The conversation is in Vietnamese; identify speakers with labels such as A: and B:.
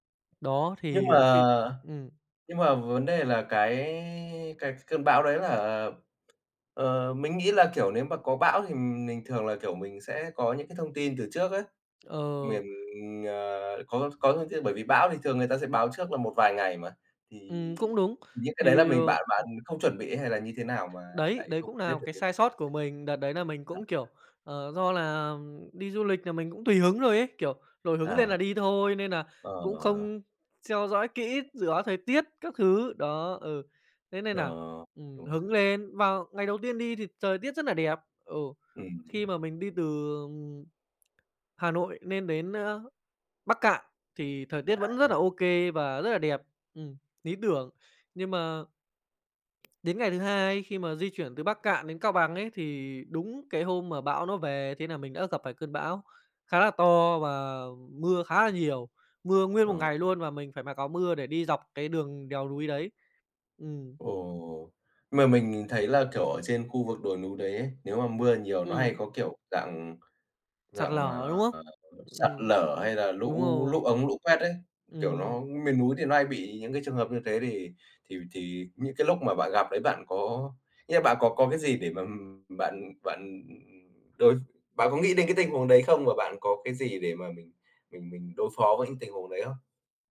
A: Đó
B: Nhưng
A: thì,
B: mà
A: ờ, khi ừm.
B: nhưng mà vấn đề là cái cái cơn bão đấy là, ờ, mình nghĩ là, kiểu, nếu mà có bão thì mình thường là, kiểu, mình sẽ có những cái thông tin từ trước ấy.
A: Ờ.
B: Miền, ờ, có có thông tin bởi vì bão thì thường người ta sẽ báo trước là một vài ngày mà, thì
A: Ừm, cũng đúng.
B: những cái đấy là
A: Thì ờ
B: mình bạn
A: [unintelligible]
B: bạn không chuẩn bị hay là như thế nào mà
A: Đấy,
B: lại
A: đấy
B: không
A: cũng nà
B: biết
A: một
B: được
A: cái
B: cái
A: sai sót
B: việc
A: của
B: đ
A: mình. Đợt đấy nà mình
B: À.
A: cũng, kiểu, ờ, do là đi du lịch là mình cũng tùy hứng thôi ấy, kiểu, nổi hứng lên
B: À.
A: là đi thôi nên nà cũng
B: Ờ.
A: không theo dõi kỹ dự báo thời tiết các thứ, đó, ừ, thế nên
B: Nờ,
A: nà, ừm,
B: đúng rồi!
A: hứng lên vào ngày đầu tiên đi thì trời tiết rất là đẹp, ừ,
B: Ừm.
A: khi mà mình đi từ, ừm, Hà Nội nên đến, ơ, Bắc Kạn thì thời tiết vẫn rất
B: À.
A: là OK và rất là đẹp ừm, lý tưởng nhưng mà đến ngày thứ 2 khi mà di chuyển từ Bắc Kạn đến Cao Bằng ấy, thì đúng cái hôm mà bão nó về thế nà mình đã gặp phải cơn bão khá là to và mưa khá là nhiều, mưa nguyên một
B: Ờ.
A: ngày luôn và mình phải mặc mưa để đi dọc cái đường đèo núi đấy. Ừm.
B: Ồ! Mà mình nhìn thấy là, kiểu, ở trên khu vực đồi núi đấy ấy, nếu mà mưa nhiều nó hay
A: Ừm.
B: có, kiểu, dạng
A: Sạt
B: dạng,
A: lở, đúng
B: ờ,
A: hông?
B: [unintelligible] sạt
A: Ừm,
B: lở hay là
A: đúng
B: lũ lũ
A: rồi.
B: ống, lũ quét ấy, kiểu, nó
A: Ừm.
B: miền núi thì nó hay bị những cái trường hợp như thế thì thì v thì những cái lúc mà bạn gặp đấy bạn có nghĩa là bạn có có cái gì để mà, ừm, bạn bạn, ừm, đối bạn có nghĩ đến cái tình huống đấy không? Và bạn có cái gì để mà mình mình mình đối phó với những tình huống đấy hông?